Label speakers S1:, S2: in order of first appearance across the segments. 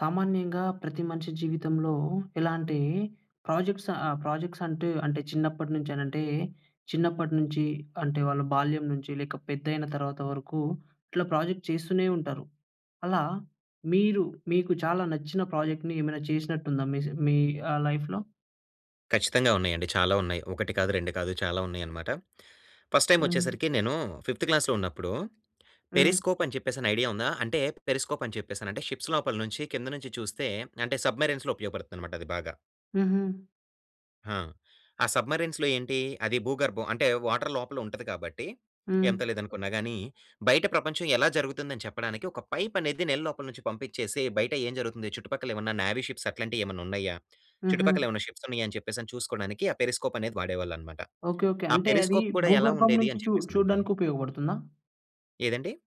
S1: సామాన్యంగా ప్రతి మనిషి జీవితంలో ఇలాంటి ప్రాజెక్ట్స్ ఆహ్, ప్రాజెక్ట్స్ అంటు, అంటే చిన్నప్పటినుంచి అనంటే, చిన్నప్పటి నుంచి అంటే వాళ్ళ బాల్యం నుంచి లేక పెద్దైన తర్వాత వరకు ఇట్లా ప్రాజెక్ట్ చేస్తూనే ఉంటారు. అలా మీరు మీకు చాలా నచ్చిన ప్రాజెక్ట్ ఏమైనా చేసినట్టు ఉందా మీస్ మీ ఆ! లైఫ్‌లో?
S2: ఖచ్చితంగా ఉన్నాయండి. చాలా ఉన్నాయి. ఒకటి కాదు రెండు కాదు చాలా ఉన్నాయి అన్నమాట. ఫస్ట్ టైమ్ వచ్చేసరికి
S1: హ్మ్.
S2: నేను ఫిఫ్త్ క్లాస్‌లో ఉన్నప్పుడు
S1: హ్మ్.
S2: పెరిస్కోప్ అని చెప్పేసి ఐడియా ఉందా? అంటే పెరిస్కోప్ అని చెప్పేసానంటే షిప్స్ లోపల నుంచి కిందనుంచి చూస్తే అంటే సబ్‌మరైన్‌లో ఉపయోగపడుతుంది అన్నమాట అది బాగా.
S1: హుహు.
S2: హా! ఆ సబ్‌మరిన్స్‌లో ఏంటి అది భూగర్భం అంటే వాటర్ లోపల ఉంటది కాబట్టి,
S1: హ్మ్.
S2: ఎంత లేదనుకున్నాగాని బయట ప్రపంచం ఎలా జరుగుతుందని చెప్పడానికి ఒక పైప్ అనేది నీళ్ళ లోపల నుంచి పంపించేసి బయట ఏం జరుగుతుంది చుట్టుపక్కల ఏమన్నా నేవీ షిప్స్ అట్లాంటివి ఏమన్నా ఉన్నాయా,
S1: హుహు.
S2: చుట్టుపక్కల ఏమన్నా షిప్స్ ఉన్నాయా, అని చెప్పేసి చూసుకోడానికి ఆ పెరిస్కోప్ అనేది వాడేవాళ్ళు అనమాట.
S1: ఓకే. ఓకే.
S2: ఆ
S1: అంటే అది
S2: పెరిస్కోప్ కూడా ఎలా
S1: భూగర్భం
S2: ఉండేది
S1: నుంచి
S2: అని
S1: చు
S2: చెప్పేసనంటే
S1: చూడడానికి ఉపయోగపడుతుందా...
S2: ఏదండీ?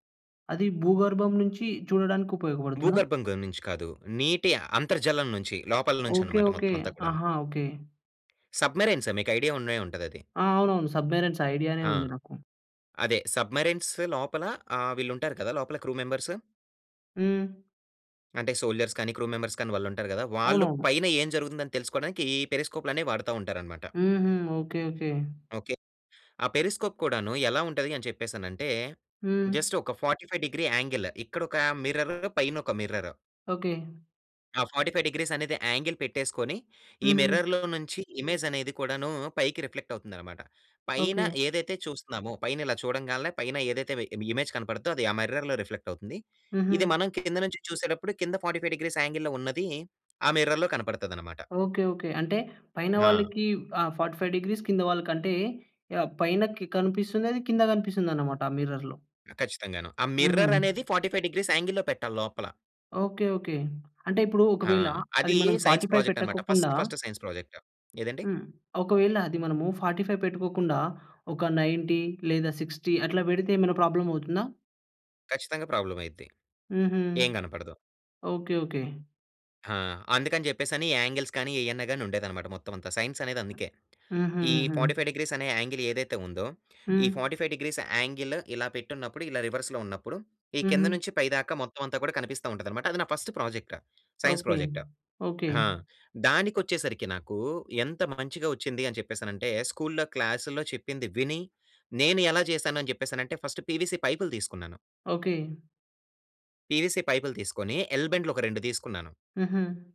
S1: అది భూగర్భం నుంచి చూడడానికి ఉపయోగపడుతుందా?
S2: భూగర్భంగనుంచి కాదు. నీటి అంతర్జాలం నుంచి లోపల నుంచి
S1: ఓకే.
S2: అన్నమాట
S1: ఓకే.
S2: మొత్తం అంతా కూడాను.
S1: ఆహా! ఓకే.
S2: సబ్మెరైన్సే. మీకైడియా ఉండే ఉంటదది.
S1: ఆ! అవునవును. సబ్మెరైన్స్, ఐడియానే
S2: ఆ!
S1: ఉంది నాకు.
S2: అదే. సబ్మెరైన్స్ లోపల, ఆహ్, వీళ్లుంటారు కదా! లోపల క్రూ మెంబర్స్...
S1: హ్మ్.
S2: అంటే, సోల్జర్స్ కానీ క్రూ మెంబర్స్ కానీ, వాళ్లుంటారు గదా! వాళ్ళు,
S1: అవునవును.
S2: పైన ఏం జరుగుతుందని తెలుసుకోడానికి, ఈ పెరిస్కోప్లనే వాడతా ఉంటారనమాట.
S1: హుహు. ఓకే. ఓకే.
S2: ఓకె. ఆ పెరిస్కోప్ కూడానూ, ఎలా ఉంటది అని చెప్పేసనంటే,
S1: హ్మ్.
S2: జస్ట్ ఒక 45 డిగ్రీ యాంగిల్, ఇక్కడొకా మిర్ర్ర్, పైనొక మిర్ర్ర్.
S1: ఓకే.
S2: ఆ 45 డిగ్రీస్ అనేది, యాంగిల్ పెట్టేసుకొని, ఈ
S1: హుహు.
S2: మిర్రర్లో నుంచి ఇమేజనేది కూడానూ, పైకి రిఫ్లెక్టవుతుందినమాట. పైన
S1: ఓకే.
S2: ఏదైతే చూస్తన్నామో, పైనిలా చూడంగాల్నే, పైన ఏదైతే వి ఇమేజ్ కనపడుద్దో, అది ఆ మిర్రర్‌లో రిఫ్లెక్ట్ అవుతుంది. ఇది,
S1: హుహు.
S2: మనం కింద నుంచి చూసేటప్పుడు, కింద 45 డిగ్రీస్ యాంగిల్‌లో ఉన్నదీ, ఆ మిర్రర్‌లో కనపడతదనమాట.
S1: ఓకే. ఓకే. అంటే, పైన
S2: హా!
S1: వాళ్ళకి ఆహ్, 45 డిగ్రీస్ కింద వాళ్ళకంటే, యాహ్! పైనకి కనిపిస్తుందది. కింద కనిపిస్తుందన్నమాట ఆ మిర్రర్‌లో.
S2: ఖచ్చితంగానూ. ఆ
S1: హుహు.
S2: మిర్ర్ర్ అనేది, 45 డిగ్రీస్ యాంగిల్‌లో పెట్టాలి లోపల.
S1: ఓకే. ఓకే. అంటే ఇప్పుడూ
S2: ఆ!
S1: ఒకవేళ, అది
S2: అదీ
S1: మనం ఫోర్టీ
S2: సైన్స్
S1: ఫైవ్
S2: ప్రోజెక్ట్ అనమాట.
S1: పెట్టకకుండా
S2: ఫస్ట్ ఫస్ట్ సైన్స్ ప్రాజెక్ట్. ఏదండి?
S1: హ్మ్. ఒకవేళ అది మనము, 45 పెట్టుకోకుండా, ఒక 90 లేదా 60 అట్లా పెడితే, ఏమేనా ప్రోబ్లమ్ అవుతుందా?
S2: ఖచ్చితంగా. ప్రాబ్లమ్ అయిద్ది.
S1: హుహు.
S2: ఏం కనపడదు.
S1: ఓకె. ఓకె.
S2: ఆ! అందుకని చెప్పేసి అని యాంగిల్స్ కానీ, ఏయన్నా గాని ఉండేదన్నమాట మొత్తం అంతా సైన్స్ అనేది అందుకే.
S1: హుహు.
S2: ఈ
S1: హుహు.
S2: 45 C డిగ్రీస్ అనే యాంగిల్ ఏదైతే ఉందో, ఈ
S1: హ్మ్.
S2: 45 డిగ్రీస్ యాంగిల్ ఇలా పెట్టున్నప్పుడు ఇలా రివర్స్‌లో ఉన్నప్పుడు. ఈ కింద
S1: హుహు.
S2: నుంచి పై దాకా మొత్తం అంతా కూడా కనిపిస్తా ఉంటది అన్నమాట. అది నా first project. Science
S1: okay.
S2: Project.
S1: Okay.
S2: ఆ! దానికి వచ్చేసరికి నాకు ఎంత మంచిగా వచ్చింది అని చెప్పేసనంటే స్కూల్‌లో, క్లాసుల్లో చెప్పింది విని. నేను ఎలా చేశాను అని చెప్పేసానంటే ఫస్ట్ పీవీసీ పైపులు తీసుకున్నాను...
S1: ఓకె.
S2: పీవీసీ పైపులు తీసుకొని ఎల్ బెండ్లు ఒక 2 తీసుకున్నాను.
S1: హుహు.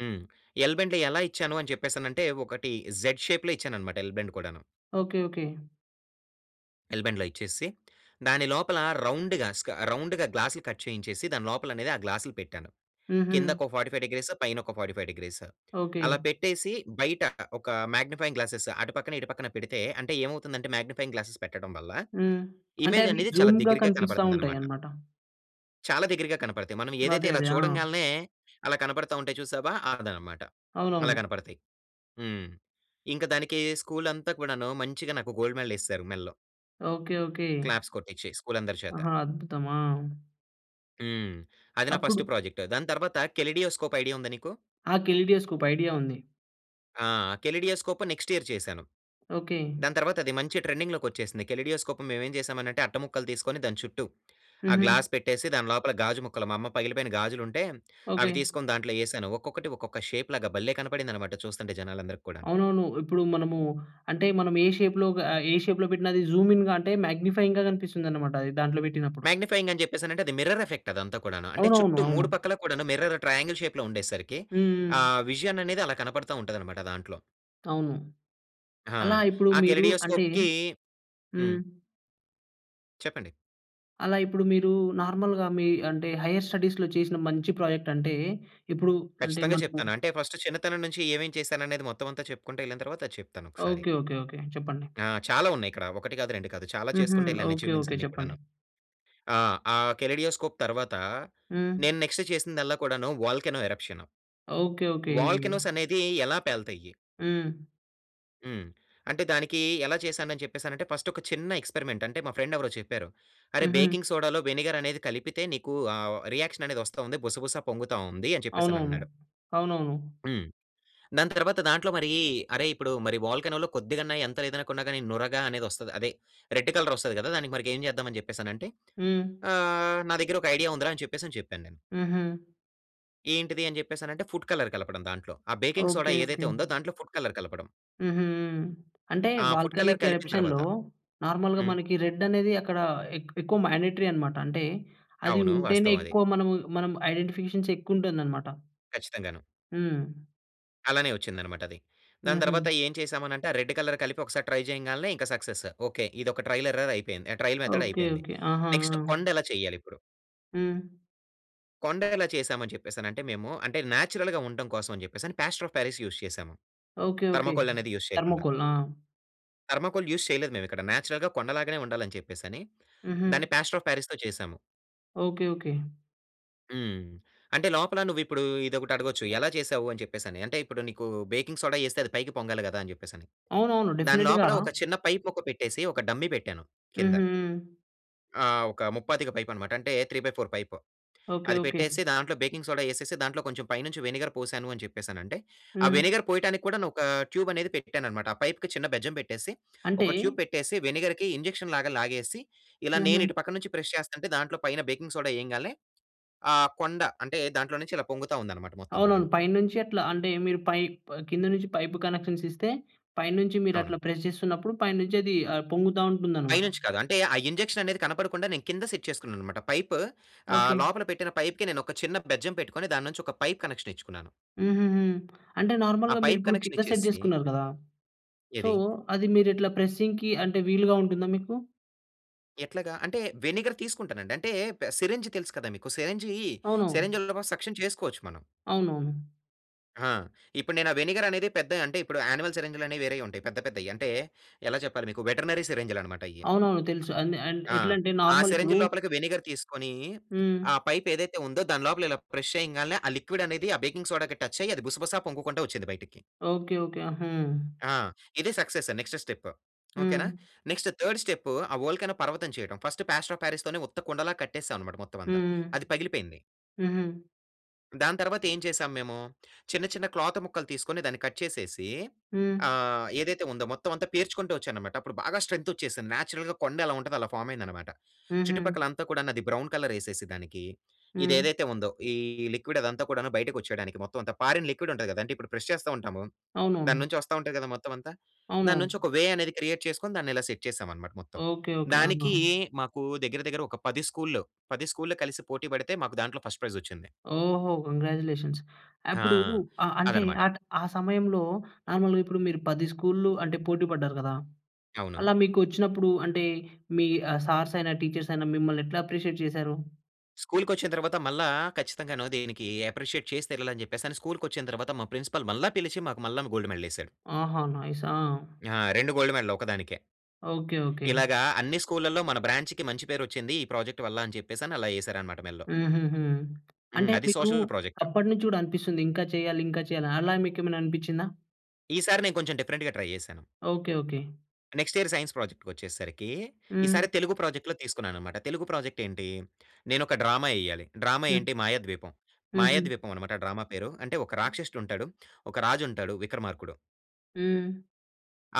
S2: హ్మ్. ఎల్ బెండ్లు ఎలా ఇచ్చాను అని చెప్పేసి అనంటే ఒకటి జెడ్ షేప్‌లో ఇచ్చాను అన్నమాట ఎల్ బెన్డ్ కూడాను...
S1: ఓకె. ఓకె.
S2: ఎల్ బెండ్లు ఇచ్చేసి, దాని లోపల రౌండ్‌గా స్క రౌండ్‌గా గ్లాసులు కట్ చేయించేసి, దాని లోపల అనేది ఆ గ్లాసులు పెట్టాను. కింద
S1: హుహు.
S2: ఒక 45 డిగ్రీస్ పైన ఒక 45 డిగ్రీస్
S1: ఓకె.
S2: అలా పెట్టేసి, బయట ఒక మాగ్నిఫైయింగ్ గ్లాసెస్ అటుపక్కన ఇటు పక్కన పెడితే, అంటే ఏమవుతుందంటే మాగ్నిఫైయింగ్ గ్లాసెస్ పెట్టడం వల్ల
S1: హ్మ్. అంటే
S2: ఇమేజ్
S1: అవి
S2: అనేది చాలా
S1: జూమ్‌‌‌‌‌గా
S2: దగ్గరిగా
S1: కనిపిస్తా ఉంటాయి
S2: కనపడుతుందనమాట.
S1: అన్నమాట.
S2: చాలా దగ్గరగా కనపడతాయి. మనం ఏదైతే
S1: అదే.
S2: ఇలా
S1: అదే. ఆ!
S2: చూడంగాలనే అలా కనపడతా ఉంటాయి. చూసావా! అదన్నమాట. అలా
S1: అవునవును.
S2: కనపడతాయి. హ్మ్. ఇంక దానికి స్కూలంతా గూడాను మంచిగా నాకు గోల్డ్ మెడల్ యేసేసారు మెల్లో.
S1: ఓకే. ఓకే.
S2: క్లాప్స్ కొట్టిచ్చి, స్కూలందరి చేత.
S1: ఆహా! అద్భుతం. ఆ!
S2: హ్మ్. అది నా
S1: అప్పుడు
S2: ఫస్ట్ ప్రాజెక్ట్. దాని తర్వాత కెలిడియోస్కోప్ ఐడియా ఉందా నీకు?
S1: ఆ! కెలిడియోస్కోప్‌ ఐడియా ఉంది.
S2: ఆ! కెలిడియోస్కోప్ నెక్స్ట్ ఇయర్ చేశాను.
S1: ఓకే.
S2: దాని తర్వాత అది మంచి ట్రెండింగ్‌ లోకి వచ్చేసింది. కెలిడియోస్కోప్ మేవేం చేసామనంటే అట్టముక్కలు తీసుకొని దాని చుట్టూ, ఆ
S1: హుహు.
S2: గ్లాస్ పెట్టేసి దాని లోపల గాజు ముక్కలు, మా అమ్మ పగిలిపోయిన గాజులుంటే,
S1: ఓకే.
S2: అవి తీసుకొని దాంట్లో యేసాను. ఒక్కొక్కటి ఒక్కొక్క షేప్‌లాగా బల్లె కనపడిందన్నమాట చూస్తుంటే జనాలందరికి కూడాను.
S1: అవునవును. ఇప్పుడు మనము అంటే మనం ఏ షేప్‌లో గా ఆహ్, ఏ షేప్‌లో పెట్టిన అది జూమ్ఇన్ మేగ్‌ని‌ఫయింగ్‌గా కనిపిస్తుందనమాట అది దాంట్లో పెట్టినప్పుడు.
S2: మేగ్‌ని‌ఫయింగ్ అని చెప్పేసనంటే అది మిర్రర్ ఎఫెక్ట్ అదంతా కూడాను. అంటే
S1: అవునవును.
S2: చుట్టూ
S1: అవును.
S2: 3 పక్కల కూడాను మిర్రర్ ట్రయాంగిల్ షేప్‌లో ఉండేసరికి, ఆ
S1: హ్మ్.
S2: విజన్ అనేది అలా కనపడతా ఉంటదన్నమాట దాంట్లో.
S1: అవును.
S2: హా!
S1: అలా ఇప్పుడు
S2: ఆ
S1: మీరు అంటే
S2: కెలిడియోస్కోప్‌కీ హ్మ్.
S1: హ్మ్.
S2: చెప్పండి.
S1: అలా ఇప్పుడు మీరు నార్మల్‌గా మీ అంటే హైయర్ స్టడీస్‌లో చేసిన మంచి ప్రాజెక్ట్ అంటే, ఇప్పుడు అంటే
S2: ఖచ్చితంగా
S1: మనము
S2: చెప్తాను. అంటే ఫస్ట్ చిన్నతనం నుంచి ఏమేం చేశాను అనేది మొత్తం అంతా చెప్పుకుంటూ యెళ్ళిన తర్వాత ఆది చెప్తానొకసారి.
S1: ఓకే. ఓకే. ఓకే. చెప్పండి.
S2: ఆ! చాలా ఉన్నాయిక్కడ. ఒకటి కాదు రెండు కాదు చాలా
S1: హుహు.
S2: చేసుకుంటు యెళ్ళాను
S1: ఓకే.
S2: Achievements
S1: okay.
S2: అన్ని
S1: చెప్పండి.
S2: కూడాను. ఆహ్, ఆహ్, కెలిడియోస్కోప్‌ తర్వాత
S1: హ్మ్.
S2: నేను నెక్స్ట్ చేసిందల్లా కూడాను వోల్కనో ఎరప్‌షన్.
S1: ఓకే. ఓకే.
S2: వోల్కనోసనేది ఎలా పేలతయ్యి?
S1: హ్మ్.
S2: హ్మ్. అంటే దానికి ఎలా చేశాను అని చెప్పేసానంటే ఫస్ట్ ఒక చిన్న ఎక్స్పెరిమెంట్ అంటే మా ఫ్రెండ్ ఎవరో చెప్పారు. అరేయ్
S1: హుహు.
S2: బేకింగ్ సోడాలో వెనిగర్ అనేది కలిపితే నీకు ఆహ్, రియాక్షన్ అనేది వస్తా ఉంది. బుసబుస పొంగుతా ఉంది అని చెప్పేసి అని
S1: అవునవును.
S2: అన్నాడు.
S1: అవునవును.
S2: హ్మ్. దాని తర్వాత దాంట్లో మరీ అరే ఇప్పుడు మరి వోల్కనో‌లో కొద్దిగన్నా ఎంత లేదనుకున్నా గానీ నురగా అనేది వస్తది. అదే రెడ్ కలర్ వస్తది గదా! దానికి మరిక ఏం చేద్దాం అని చెప్పేసి అని అంటే.
S1: హ్మ్.
S2: ఆహ్, నా దగ్గర ఒక ఐడియా ఉందిరా అని చెప్పేసి చెప్పాను నేను.
S1: హుహు.
S2: ఏంటిది అని చెప్పేసి అనంటే ఫుడ్ కలర్ కలపడం దాంట్లో. ఆ బేకింగ్ సోడా
S1: ఓకే.
S2: ఏదైతే
S1: ఓకే.
S2: ఉందో దాంట్లో ఫుడ్ కలర్ కలపడం.
S1: హుహు. హ్మ్. అంటే
S2: ఆ ఫుడ్ కలర్
S1: వోల్కనీక్
S2: కలిపిన
S1: ఎరప్షన్‌లో
S2: తర్వాత.
S1: నార్మల్‌గా
S2: హ్మ్.
S1: మనకి రెడ్ అనేది అక్కడ ఎక్ ఎక్కువ మ్యాన్‌డేటరి అనమాట. అంటే అది
S2: అవును.
S1: ఉంటేనే
S2: వాస్తవం అది.
S1: ఎక్కువ మనం మనం ఐడెంటిఫికేషన్స్ ఎక్కువ ఉంటుంది అన్నమాట.
S2: ఖచ్చితంగాను.
S1: హ్మ్.
S2: అలానే వచ్చిందన్నమాట అది. దాని తర్వాత
S1: హుహు.
S2: ఏం చేసామనంటే ఆ రెడ్ కలర్ కలిపి ఒకసారి ట్రై చేయంగాల్నే ఇంక సక్సెస్. ఓకే. ఇదొక ట్రైల్ ఎర్రర్ అయిపోయింది. ఆ ట్రైల్ మెథడ్
S1: ఓకే.
S2: అయిపోయింది.
S1: ఓకే. ఆహా!
S2: నెక్స్ట్
S1: ఆ!
S2: కొండ ఎలా చెయ్యాలి ఇప్పుడు?
S1: హ్మ్.
S2: కొండ ఎలా చేశామని చెప్పేసి అనంటే మేము అంటే నేచురల్‌గా ఉండటం కోసం అని చెప్పేసి అని ప్లాస్టర్ ఆఫ్ పారిస్ యూస్ చేసాము.
S1: ఓకే. ఓకే.
S2: థర్మాకోల్ అనేది యూజ్ చేయకుండా.
S1: థర్మాకోల్. ఆ!
S2: థర్మాకోల్ యూస్ చేయలేదు మేమిక్కడ. నేచురల్‌గా కొండ లాగానే ఉండాలి అని చెప్పేసని
S1: హుహు.
S2: దాన్ని ప్లాస్టర్ ఆఫ్ పారిస్‌తో చేసాము.
S1: ఓకే. ఓకే.
S2: హ్మ్. అంటే లోపల నువ్వు ఇప్పుడు ఇదొకటి అడగొచ్చు ఎలా చేసావు? అని చెప్పేసని అంటే ఇప్పుడు నీకు బేకింగ్ సోడా యేస్తే అది పైకి పొంగాలి గదా! అని చెప్పేసని
S1: అవునవును.
S2: దాని
S1: డెఫినెట్‌గా
S2: లోపల ఒక చిన్న పైప్ మొక్క పెట్టేసి ఒక డమ్మీ పెట్టాను
S1: హుహు.
S2: కింద.
S1: హ్మ్.
S2: ఆహ్, ఒక ముప్పాతిక పైప్ అన్నమాట. అంటే 3/4 పైప్.
S1: ఓకే.
S2: అది
S1: ఓకే.
S2: పెట్టేసి దాంట్లో బేకింగ్ సోడా యేసేసి, దాంట్లో కొంచెం పైనుంచి వెనిగర్ పోసాను అని చెప్పేసనంటే ఆ
S1: హ్మ్.
S2: వెనిగర్ పోయటానికి కూడాను ఒక ట్యూబ్ అనేది పెట్టాను అన్నమాట. ఆ పైప్‌కి ఒక చిన్న బెజ్జం పెట్టేసి
S1: అంటే
S2: ఒక ట్యూబ్ పెట్టేసి వెనిగర్‌కి ఇంజెక్షన్ లాగా లాగేసి, ఇలా నేను
S1: హుహు.
S2: ఇటు పక్కన నుంచి ప్రెస్ చేస్తుంటే, దాంట్లో పైన బేకింగ్ సోడా ఎయంగాల్నే ఆ కొండ అంటే దాంట్లో నుంచి ఇలా పొంగుతా ఉందన్నమాట మొత్తం
S1: అవునవును.
S2: కూడాను.
S1: పైనుంచి అట్లా అంటే మీరు పైప్ కింద నుంచి పైప్ కనెక్షన్స్ ఇస్తే పైనుంచి మీరు
S2: అవును.
S1: అట్లా ప్రెస్ చేస్తున్నప్పుడు పైనుంచి అది ఆహ్, పొంగుతా ఉంటుందన్నమాట.
S2: పైనుంచి కాదు అంటే ఆ ఇంజెక్షన్ అనేది కనపడకుండా నేను కింద సెట్ చేసుకున్నాను అన్నమాట. పైప్ ఆహ్,
S1: ఓకే.
S2: లోపల పెట్టిన పైప్‌కి నేను ఒక చిన్న బెజ్జం పెట్టుకొని దాని నుంచి ఒక పైప్ కనెక్షన్ ఇచ్చుకున్నాను.
S1: హుహుహు. అంటే
S2: ఆ
S1: నార్మల్‌గా మీరు
S2: పైప్
S1: ఇప్పుడు
S2: కనెక్షన్
S1: కింద సెట్
S2: ఇచ్చేసి
S1: జేసుకున్నారు గదా! సో
S2: ఏది?
S1: అది మీరు ఇట్లా ప్రెస్సింగ్‌కి అంటే వీలుగా ఉంటుందా మీకు?
S2: ఎట్లాగా? అంటే వెనిగర్ తీసుకుంటానండి. అంటే సిరంజ్ తెలుసు కదా మీకు సిరంజీ
S1: అవును.
S2: సిరంజీలతో కూడా సక్షన్ చేసుకోవచ్చు మనం.
S1: అవునవును.
S2: ఆ! ఇప్పుడు నేను ఆ వెనిగర్ అనేది పెద్ద అంటే ఇప్పుడు యానిమల్ సిరంజ్‌లు అనేవి వేరేయి ఉంటాయి. పెద్ద పెద్దయి అంటే ఎలా చెప్పాలి మీకు? వెటెర్నరి సిరంజిలన్నమాట అయ్యి.
S1: అవునవును. తెలుసు అది అంట్
S2: ఆ!
S1: ఎట్లంటే
S2: ఆ
S1: నార్మల్
S2: సిరంజి
S1: ఇప్పుడూ
S2: లోపలికి వెనిగర్ తీసుకొని,
S1: హ్మ్.
S2: ఆ పైప్ ఏదైతే ఉందో దాని లోపల ఇలా ప్రెస్ చేయంగాన్లే ఆ లిక్విడ్ అనేది ఆ బేకింగ్ సోడా‌కి టచ్ అయ్యి అది బుసబుసా పొంగుకుంటా వచ్చింది బయటికి.
S1: ఓకే. ఓకే. ఆహా!
S2: ఆ! ఇదే సక్సెస్ నెక్స్ట్ స్టెప్. ఓకే నా?
S1: హ్మ్.
S2: నెక్స్ట్ 3ర్డ్ స్టెప్ ఆ వోల్కనో పర్వతం చేయడం ఫస్ట్ ప్లాస్టర్ ఆఫ్ పారిస్‌తోనే ఉత్త కుండలా కట్టేసాం అన్నమాట మొత్తం అంతా.
S1: హ్మ్.
S2: అది పగిలిపోయింది.
S1: హుహు.
S2: దాని తర్వాత ఏం చేసాము మేము? చిన్న చిన్న క్లాత్ ముక్కలు తీసుకొని దాన్ని కట్ చేసేసి
S1: హ్మ్.
S2: ఆహ్, ఏదైతే ఉందో మొత్తం అంతా పేర్చుకుంటూ వచ్చాననమాట అప్పుడు బాగా స్ట్రెంత్ వచ్చేసింది. నేచురల్‌గా కొండ ఎలా ఉంటదో అలా ఫార్మ్ అయిందనమాట.
S1: హుహు.
S2: చుట్టుపక్కల అంతా కూడాను అది బ్రౌన్ కలర్ యేసేసి దానికి. ఇది
S1: హ్మ్.
S2: ఏదైతే ఉందో ఈ లిక్విడ్ అదంతా కూడాను బయటకి వచ్చేయడానికి మొత్తం అంతా ఫారిన్ లిక్విడ్ ఉంటది గదా! అంటే ఇప్పుడు ప్రెస్ చేస్తా ఉంటాము. దాని
S1: అవునవును.
S2: నుంచి వస్తా ఉంటది గదా మొత్తం అంతా. దాని
S1: అవునవును.
S2: నుంచి ఒక వే అనేది క్రియేట్ చేసుకొని దాన్ని ఇలా సెట్ చేసామన్నమాట మొత్తం.
S1: ఓకే. ఓకే. ఆహా!
S2: దానికి మాకు దగ్గర దగ్గర ఒక 10 స్కూల్‌ల్లు. 10 స్కూల్‌ల్లు కలిసి పోటీ పడితే మాకు దాంట్లో ఫస్ట్ ప్రైజ్ వచ్చింది.
S1: ఓహో! కంగ్రాచ్యులేషన్స్.
S2: హా!
S1: అప్పుడు అ అంటే
S2: అదనమాట.
S1: ఆ ట్ సమయంలో నార్మల్‌గా ఇప్పుడు మీరు 10 స్కూల్‌ల్లు అంటే పోటి పడ్డారు గదా?
S2: అవును.
S1: అలా మీకు వచ్చినప్పుడు అంటే మీ ఆహ్, సార్స్ అయినా టీచర్స్ అయినా మిమ్మల్ని ఎట్లా అప్రిషియేట్ చేసారు?
S2: స్కూల్‌కి వచ్చిన తర్వాత మళ్ళా ఖచ్చితంగాను దీనికి అప్రిషియేట్ చేసి తీరాలి అని చెప్పేసని, స్కూల్‌కి వచ్చిన తర్వాత మా ప్రిన్సిపల్ మళ్ళా పిలిచి మాకు మళ్లాను గోల్డ్ మెడల్ ఎసారు.
S1: ఆహా! నైస్. ఆ!
S2: ఆ! 2 గోల్డ్ మెడల్ ఒకదానికే.
S1: ఓకే. ఓకే.
S2: ఇలాగా అన్ని స్కూల్‌లల్లో మన బ్రాంచ్‌కి మంచి పేరు వచ్చింది ఈ ప్రాజెక్ట్ వల్ల. అని చెప్పేసి అలా యేసారనమాట మెళ్ళో.
S1: హుహుహు.
S2: హ్మ్.
S1: అంటే
S2: అది
S1: మీకు
S2: సోషల్ ప్రోజెక్ట్.
S1: అప్పడినుంచి గూడా అనిపిస్తుంది. ఇంకా చేయాలి ఇంకా చేయాలి. అలా మీకు ఏమైనా అనిపిచ్చిందా?
S2: ఈసారి నేను కొంచెం డిఫరెంట్‌గా ట్రై జేశాను.
S1: Okay. Okay.
S2: Next year science ప్రాజెక్ట్‌కొచ్చేసరికి ఈసారి
S1: హ్మ్.
S2: తెలుగు ప్రాజెక్ట్‌లో తీసుకున్నాననమాట. తెలుగు ప్రాజెక్ట్ ఏంటి? నేను ఒక డ్రామా ఎయ్యాలి. డ్రామా
S1: హ్మ్.
S2: ఏంటి మాయాద్వీపం.
S1: హుహు.
S2: మాయాద్వీపం అనమాట డ్రామా పేరు. అంటే ఒక రాక్షసుడు ఉంటాడు. ఒక రాజు ఉంటాడు విక్రమార్కుడు.
S1: హ్మ్.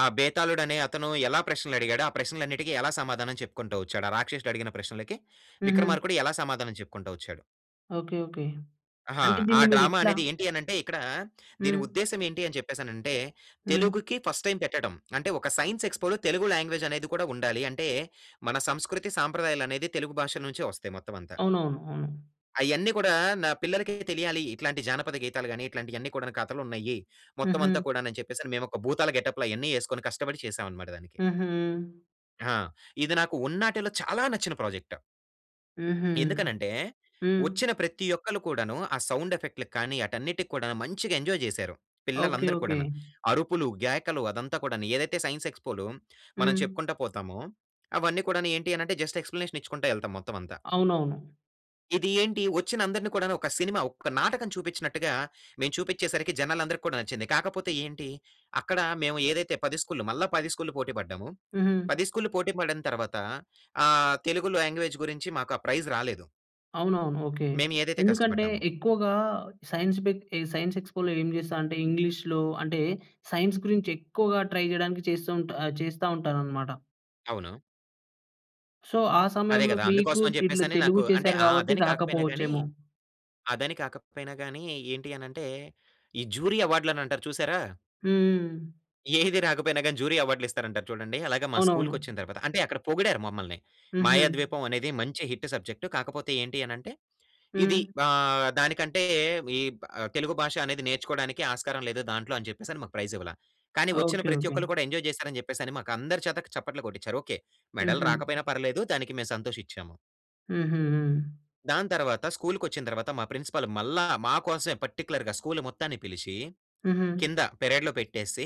S2: ఆ! బేతాలుడు అనే అతను ఎలా ప్రశ్నలు అడిగాడో ఆ ప్రశ్నలన్నిటికి ఎలా సమాధానం చెప్పుకుంటూ వచ్చాడు? ఆ రాక్షసుడు అడిగిన ప్రశ్నలకి
S1: హుహు.
S2: విక్రమార్కుడు ఎలా సమాధానం చెప్పుకుంటా వచ్చాడు?
S1: ఓకే. ఓకే.
S2: ఆహా!
S1: అంటే
S2: ఆ
S1: దీన్ని మీరు
S2: డ్రామా
S1: ఎట్ల
S2: అనేది ఏంటి అని అంటే ఇక్కడా దీని
S1: హ్మ్.
S2: ఉద్దేశ్యం ఏంటి అని చెప్పేసి అనంటే
S1: హ్మ్.
S2: తెలుగుకి ఫస్ట్ టైమ్ పెట్టడం. అంటే ఒక సైన్స్ ఎక్స్పోలో తెలుగు లాంగ్వేజ్ అనేది కూడా ఉండాలి. అంటే మన సంస్కృతి సంప్రదాయాలు అనేది తెలుగు భాష నుంచే వస్తాయి మొత్తం అంతా.
S1: అవునవును. అవును.
S2: అయన్నీ కూడా నా పిల్లలకి తెలియాలి. ఇట్లాంటి జానపద గీతాలు గాని ఇట్లాంటియన్నీ కూడాను కథలు ఉన్నాయి. మొత్తం అంతా
S1: హుహు.
S2: కూడాను అని చెప్పేసి మేము ఒక భూతాల గెటప్‌లో అయన్నీ ఎసుకొని కష్టపడి చేసామనమాట దానికి.
S1: హుహు.
S2: ఆ! ఇది నాకు ఉన్నాటిలో చాలా నచ్చిన ప్రోజెక్ట్...
S1: హుహు.
S2: ఎందుకని అంటే,
S1: హ్మ్.
S2: వచ్చిన ప్రతి ఒక్కళ్ళు కూడాను, ఆ సౌండ్ ఎఫెక్ట్‌లకి కానీ ఆటన్నిటికి కూడాను మంచిగా ఎంజాయ్ చేసారు. పిల్లలు
S1: ఓకే
S2: అందరు
S1: ఓకే!
S2: కూడాన. అరుపులు, గేకలు అదంతా కూడాను ఏదైతే సైన్స్ ఎక్స్‌పోలో, మనం
S1: హ్మ్.
S2: చెప్పుకుంటూ పోతామో, అవన్నీ కూడాను ఏంటి అనంటే, జస్ట్ ఎక్స్‌ప్లనేషన్ ఇచ్చుకుంటూ ఎళ్తాం మొత్తం అంతా.
S1: అవునవును.
S2: ఇది ఏంటి, వచ్చిన అందరిని కూడాను ఒక సినిమా, ఒక నాటకం చూపించినట్టుగా, మేము చూపించేసరికి జనాలందరికి కూడా నచ్చింది. కాకపోతే ఏంటి, అక్కడ మేము ఏదైతే 10 స్కూల్‌ల్లు మళ్ళా 10 స్కూల్‌ల్లు పోటి పడ్డాము.
S1: హుహు.
S2: 10 స్కూల్‌ల్లు పోటి పడిన తర్వాత, ఆహ్, తెలుగులో లాంగ్వేజ్ గురించి మాకు ఆ ప్రైజ్ రాలేదు...
S1: అవునవును ఓకే,
S2: మేము ఏదైతే
S1: ఎందుకంటే
S2: కష్టపడ్డామో.
S1: ఎక్కువగా, సైన్స్ ఏక్ సైన్స్ ఎక్స్‌పోలో ఏం చేస్తా అంటే, ఇంగ్లీష్‌లో అంటే సైన్స్ గురించి ఎక్కువగా ట్రై చేయడానికి చేస్తుంటారు చేస్తా ఉంటారు అన్నమాట.
S2: అవును.
S1: సో, ఆ
S2: అదే
S1: సమయంలో
S2: కదా!
S1: మీకు,
S2: అందుకోసం అని చెప్పేసి
S1: తెలు
S2: అని
S1: తెలుగు
S2: నాకు అంటే,
S1: చేసారు
S2: ఆహ్,
S1: కాబట్టి
S2: అదని కాకపోయినా గాని,
S1: రాకపోవచ్చేమో.
S2: అదని కాకపోయినా గాని ఏంటి అనంటే, ఈ జ్యూరీ అవార్డ్‌లు అని అంటారు చూసారా...
S1: హ్మ్.
S2: ఏది రాకపోయినా గాని, జ్యూరీ అవార్డ్‌లు ఇస్తారంటారు చూడండి. అలాగే మా
S1: అవునవును.
S2: స్కూల్‌కొచ్చిన తర్వాత, అంటే అక్కడ పొగిడారు మమ్మల్ని.
S1: హుహు
S2: మాయాద్వీపం అనేది మంచి హిట్ సబ్జెక్ట్. కాకపోతే ఏంటి అనంటే, ఇది
S1: హ్మ్.
S2: ఆహ్, దానికంటే ఈ బా తెలుగు భాష అనేది నేర్చుకోవడానికి ఆస్కారం లేదు దాంట్లో అని చెప్పేసని మాకు ప్రైజ్ ఇవ్వలా. కానీ వచ్చిన
S1: ఓకే.
S2: ప్రతి
S1: ఓకే.
S2: ఒక్కళ్ళు కూడా ఎంజాయ్ చేసారని చెప్పేసని మాకు అందరి చేత చప్పట్లు కొట్టించారు. ఓకే! మెడల్
S1: హుహు.
S2: రాకపోయినా పర్లేదు, దానికి మేము సంతోషిచ్చాము.
S1: హుహుహు.
S2: దాని తర్వాత స్కూలుకొచ్చిన తర్వాత మా ప్రిన్సిపల్ మళ్ళా, మాకోసమే పర్టిక్యులర్‌గా స్కూల్ మొత్తాన్ని పిలిచి,
S1: హుహు.
S2: కింద పెరేడ్‌లో పెట్టేసి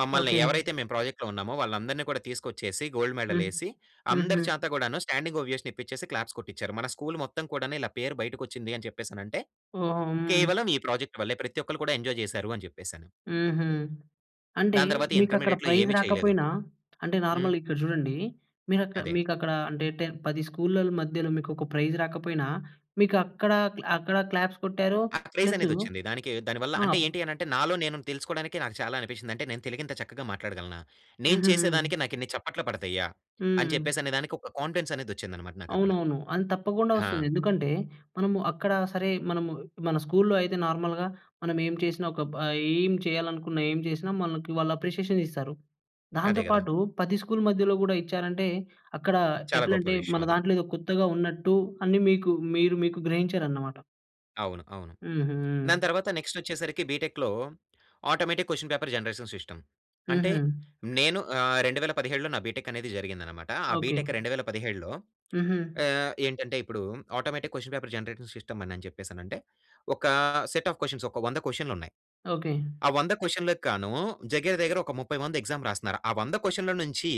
S2: మమ్మల్ని
S1: ఓకే.
S2: ఎవరైతే మేము ప్రాజెక్ట్‌లో ఉన్నామో వాళ్ళందరిని కూడా తీసుకొచ్చేసి, గోల్డ్ మెడల్
S1: హ్మ్.
S2: ఏసి
S1: హుహు.
S2: అందరి చేత గూడాను స్టాండింగ్ ఓవియేషన్ ఇప్పిచ్చేసి క్లాప్స్ కొట్టిచ్చారు. మన స్కూల్ మొత్తం కూడాను ఇలా పేరు బయటకు వచ్చింది అని చెప్పేసి అనంటే,
S1: ఓహ్! ఆ! హ్మ్.
S2: కేవలం ఈ ప్రాజెక్ట్ వల్లే. ప్రతి ఒక్కళ్ళు కూడా ఎంజాయ్ చేసారు అని చెప్పేసని.
S1: హుహు. అంటే
S2: దాని తర్వాత
S1: మీకు అక్కడ
S2: ఇంటర్మీడియేట్‌లో
S1: ప్రైజ్
S2: ఏమి చేయలేదు.
S1: రాకపోయినా అంటే
S2: హ్మ్.
S1: నార్మల్‌గా ఇక్కడ చూడండి. మీకక్కడ్
S2: అదే.
S1: మీకు అక్కడ అంటే 10 10 స్కూల్‌ల మధ్యలో మీకు ఒక ప్రైజ్ రాకపోయినా మీకు అక్కడ క్లా అక్కడ క్లాప్స్ కొట్టారు.
S2: ఆ క్రేజ్
S1: ప్లస్సూ
S2: అనేది వచ్చింది. దానికి దానివల్ల
S1: ఆ!
S2: అంటే ఏంటి అనంటే నాలో నేను తెలుసుకోడానికి నాకు చాలా అనిపించింది. అంటే నేను తెలుగు ఇంత చక్కగా మాట్లాడగలనా? నేను చేసేదానికి
S1: హుహు.
S2: నాకు ఇన్ని చప్పట్లు పడతయ్యా? అని చెప్పేసి
S1: హ్మ్.
S2: అనేదానికి ఒక కాన్ఫిడెన్స్ అనేది వచ్చిందన్నమాట నాకు అక్కడ.
S1: అవునవును. అ‌న్ తప్పకుండా
S2: ఆ!
S1: వస్తుంది. ఎందుకంటే మనము అక్కడ సరే మనము మన స్కూల్‌లో అయితే నార్మల్‍గా మనం ఏం చేసినా ఒక బ ఏం చేయాలనుకున్న, ఏం చేసినా మనకి వాళ్ళు అప్రిషియేషన్ ఇస్తారు. దాంతో
S2: అదే గదా.
S1: పాటు 10 స్కూల్ మధ్యలో గూడా ఇచ్చారంటే అక్కడ
S2: చాలా గొప్ప
S1: ఎట్లంటే, మన
S2: విషయం అది.
S1: దాంట్లో ఏదో కొత్తగా ఉన్నట్టు అన్ని మీకు మీరు మీకు గ్రహించారన్నమాట.
S2: అవును. అవును. దాని
S1: హుహు.
S2: తర్వాత నెక్స్టొచ్చేసరికి బీటెక్‌‌లో automatic question paper generation system. అంటే
S1: హుహు.
S2: నేను ఆహ్, 2017లో నా బిటెక్ అనేది జరిగిందనమాట. ఆ
S1: ఓకే.
S2: బీటెక్ 2017లో
S1: హుహు.
S2: ఆహ్, ఏంటంటే ఇప్పుడు automatic question paper generative system అని అని చెప్పేసనంటే ఒకా సెట్ ఆఫ్ కొషన్స్. ఒక 1 00 కొషన్లు ఉన్నాయి.
S1: ఓకే.
S2: ఆ 100 కొషన్లకి గాను దగ్గర దగ్గర ఒక 30 మంది ఎగ్జామ్ రాస్తున్నారు. ఆ 100 కొషన్ల నుంచి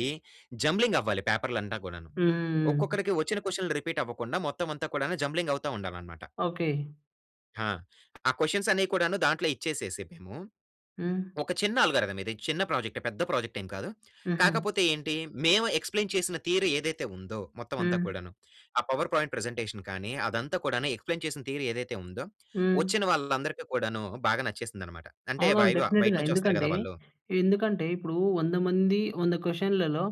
S2: జంబ్లింగ్ అవ్వాలి పేపర్లు అంతా కూడాను.
S1: హ్మ్.
S2: ఒక్కొక్కడికి వచ్చిన కొషన్లు రిపీట్ అవ్వకుండా మొత్తం అంతా కూడా జంబ్లింగ్ అవుతా ఉండాలన్నమాట.
S1: ఓకే.
S2: హా! ఆ కొషన్స్ అన్నీ కూడాను దాంట్లో ఇచ్చేసేసి మేము.
S1: హ్మ్.
S2: ఒక చిన్న ఆల్గారిథం ఇది. చిన్న ప్రాజెక్టే పెద్ద ప్రాజెక్ట్ ఏం కాదు.
S1: హుహు.
S2: కాకపోతే ఏంటి? మేము ఎక్స్‌ప్లెయిన్ చేసిన థియరీ ఏదైతే ఉందో, మొత్తం అంతా
S1: హ్మ్.
S2: కూడాను. ఆ పవర్ పాయింట్ ప్రజెంటేషన్ కానీ అదంతా కూడాను ఎక్స్‌ప్లెయిన్ చేసిన థియరీ ఏదైతే ఉందో
S1: హ్మ్.
S2: వచ్చిన వాళ్ళందరికి కూడాను బాగా నచ్చేసిందన్నమాట. అంటే
S1: అవునవును.
S2: వైవా బయట
S1: డెఫినిట్‌గా
S2: నుంచి వస్తారు కదా
S1: ఎందుకంటే,
S2: వాళ్ళు.
S1: ఎందుకంటే ఇప్పుడూ 100 మంది 100 కొషన్‌లలో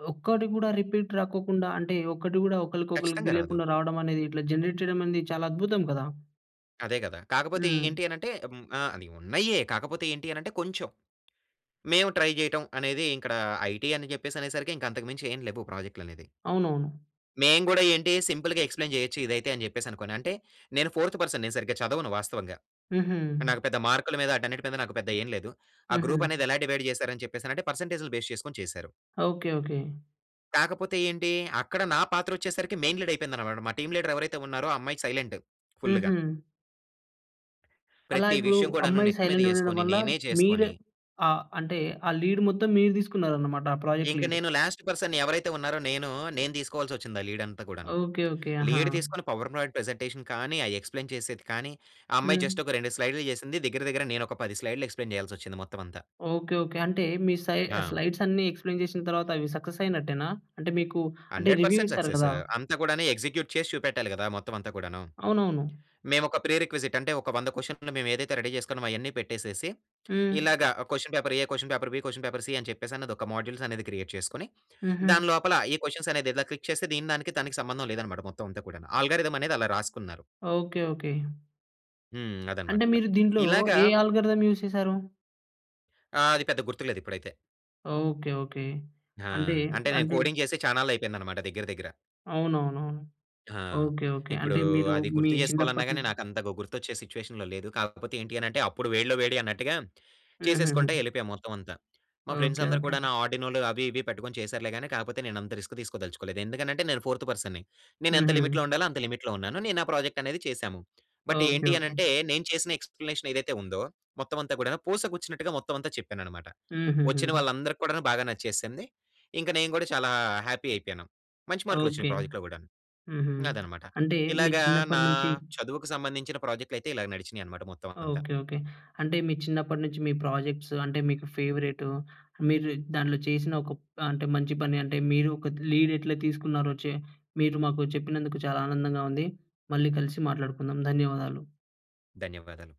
S1: ‌‌ ఒక్కటి గూడా రిపీట్ రాకోకుండా అంటే ఒక్కటి గూడా ఒకళ్ళకి ఒకళ్ళకి
S2: ఖచ్చితంగా రాదు.
S1: తెలియకుండా రావడం అనేది ఇట్లా జనరేట్ చేయడం అనేది చాలా అద్భుతం కదా!
S2: అదే కదా. కాకపోతే
S1: హ్మ్.
S2: ఏంటి అని అంటే హ్మ్. ఆహ్, అది ఉన్నాయే కాకపోతే ఏంటి అని అంటే కొంచెం, మేము ట్రై చేయటం అనేది ఇక్కడ ఐటీ అని చెప్పేసి అనేసరికి ఇంక అంతకు మించి ఏమి లేవు ప్రాజెక్ట్‌లనేది.
S1: అవునవును.
S2: మేం గూడా ఏంటి సింపుల్‌గా ‌ఎక్స్‌ప్లేన్ చేయొచ్చు ఇదైతే అని చెప్పేసి అనుకోని, అంటే నేను ఫోర్త్ పర్సన్ నేను సరిగ్గా చదవను వాస్తవంగా.
S1: హుహు.
S2: నాకు పెద్ద మార్కుల మీద వాటన్నిటి మీద నాకు పెద్ద ఏమి లేదు. ఆ
S1: హుహు.
S2: గ్రూప్ అనేది ఎలా డివైడ్ చేసారు అని చెప్పేసి అని అంటే పర్సెంటేజ్‌లు బేస్ చేసుకొని చేసారు.
S1: ఓకే. ఓకే.
S2: కాకపోతే ఏంటి అక్కడ నా పాత్ర వచ్చేసరికి మెయిన్ లీడ్ అయిపోయింది అన్నమాట. మా టీమ్ లీడర్ ఎవరైతే ఉన్నారో ఆ అమ్మాయి సైలెంట్ ఫుల్‌గా...
S1: హుహు. అలా
S2: ప్రతి
S1: ఇప్పుడు
S2: విషయం కూడాను
S1: అమ్మాయి
S2: నెత్తి మీద
S1: సైలెంట్‌గా ఉండడం
S2: ఎసుకొని
S1: వల్ల
S2: నేనే
S1: మీరె
S2: చేసుకొని...
S1: ఆహ్, అంటే ఆ లీడ్ మొత్తం మీరు తీసుకున్నారన్నమాట, ఆ ప్రోజెక్ట్
S2: ఇంక
S1: లీడ్.
S2: నేను లాస్ట్ పర్సన్ ఎవరైతే ఉన్నారో నేను, నేను తీసుకోవాల్సి వచ్చింది ఆ లీడ్ అంతా కూడాను.
S1: ఓకే. ఓకే. ఆహా!
S2: లీడ్ తీసుకొని పవర్ పాయింట్ ప్రెజెంటేషన్ కానీ, అది ఎక్స్‌ప్లేన్ చేసేది కానీ, ఆ అమ్మాయి
S1: హ్మ్.
S2: జస్ట్ ఒక 2 స్లైడ్‌లు చేసింది. దగ్గర దగ్గర నేను ఒక 10 స్లైడ్‌లు ఎక్స్‌ప్లేన్ చేయాల్సి వచ్చింది మొత్తం అంతా.
S1: ఓకే. ఓకే. అంటే మీ సై
S2: ఆ!
S1: స్లైడ్స్ ఆన్ని ఎక్స్‌ప్లేన్ చేసిన తర్వాత అవి సక్సెస్ అయినట్టేనా? అంటే మీకు అంటే
S2: హండ్రెడ్
S1: రివ్యూ
S2: పర్సెంట్
S1: ఇస్తారు
S2: సక్సెసూ!
S1: కదా!
S2: అంత కూడాను ఎగ్జిక్యూట్ చేసి చూపెట్టాలి కదా! మొత్తం అంతా కూడాను.
S1: అవునవును.
S2: మేము ఒక ప్రి-రిక్విజిట్ అంటే ఒక 100 క్వశ్చన్‌లు మేము ఏదైతే రెడీ చేసుకున్నామో! అయన్నీ పెట్టేసేసి.
S1: హ్మ్.
S2: ఇలాగ question paper A question paper B question paper C అని చెప్పేసి ఒక మోడ్యుల్స్ అనేది క్రియేట్ చేసుకొని,
S1: హుహు.
S2: దానిలోపల ఈ క్వశ్చన్స్ అనేది క్లిక్ చేస్తే దీని దానికి దానికి సంబంధం లేదన్నమాట మొత్తం అంతా కూడాను. ఆల్గారిథమ్ అనేది అలా రాసుకున్నారు.
S1: ఓకే. ఓకే.
S2: హ్మ్.
S1: అంటే
S2: అదన్నమాట.
S1: మీరు దీంట్లో,
S2: ఇలాగ
S1: ఏ అల్గారిథం యూస్ చేసారు?
S2: ఆ! అది పెద్ద గుర్తులేదు ఇప్పుడైతే.
S1: Okay, okay.
S2: ఆ!
S1: అంటే,
S2: అంటే నేను
S1: అంటే
S2: కోడింగ్ చేసే చానాళ్ళైపోయిందనమాట దగ్గర దగ్గర.
S1: అవునవునవును.
S2: ఆ!
S1: ఓకే. ఓకే.
S2: ఇప్పుడు,
S1: అంటే మీరు,
S2: అది
S1: మీ
S2: గుర్తు చేసుకోవాలన్నా
S1: చిన్నప్పటి
S2: గాని
S1: నుంచి
S2: నాకు అంతగా గుర్తొచ్చే సిట్యుయేషన్‌లో లేదు. కాకపోతే ఏంటి అని అంటే, అప్పుడు వేడిలో వేడి అన్నట్టుగా, చేసేసుకుంట
S1: హుహుహు
S2: ఎళ్ళిపోయాము మొత్తం అంతా. మా ఫ్రెండ్స్
S1: ఓకే,
S2: అందరూ
S1: ఓకే.
S2: కూడాను ఆర్డినోలు, అవి ఇవి పెట్టుకొని చేసారులే కాని, కాకపోతే నేను అంత రిస్క్ తీసుకోదలుచుకోలేదు. ఎందుకనంటే నేను ఫోర్త్ పర్సన్‌ని నేను ఎంత
S1: హుహూ.
S2: లిమిట్‌లో ఉండాలో, అంత లిమిట్‌లో ఉన్నాను. నేను నా, ప్రాజెక్ట్ అనేది చేశాము. బట్
S1: ఓకే
S2: ఏంటి
S1: ఓకే.
S2: అనంటే, నేను చేసిన ఎక్స్‌ప్లేనేషన్ ఏదైతే ఉందో, మొత్తం అంతా కూడా పూస గుచ్చినట్టుగా మొత్తం అంతా చెప్పానన్నమాట. వచ్చిన
S1: హుహూహూ.
S2: వాళ్ళందరికి కూడా బాగా నచ్చేసింది. ఇంక నేను గూడా చాలా హ్యాపీ అయిపోయాను. మంచి మార్కులు
S1: ఓకే.
S2: వచ్చినాయి ప్రాజెక్ట్‌లో కూడాను.
S1: హుహూ.
S2: అదన్నమాట.
S1: అంటే, మీ
S2: ఇలాగ నా
S1: చిన్నప్పటి నుంచి
S2: చదువుకు సంబంధించిన ప్రాజెక్ట్‌లు అయితే ఇలా నడిచినాయి అన్నమాట మొత్తం అంతా.
S1: Okay, okay. అంటే మీ చిన్నప్పటి నుంచి మీ ప్రాజెక్ట్స్ అంటే మీకు ఫేవరెట్, మీరు దాంట్లో చేసిన ఒక ప అంటే మంచి పని అంటే మీరు ఒక లీడ్ ఎట్లా తీసుకున్నారో చే మీరు మాకు చెప్పినందుకు చాలా ఆనందంగా ఉంది. మళ్ళీ కలిసి మాట్లాడుకుందాం, ధన్యవాదాలు.
S2: ధన్యవాదాలు.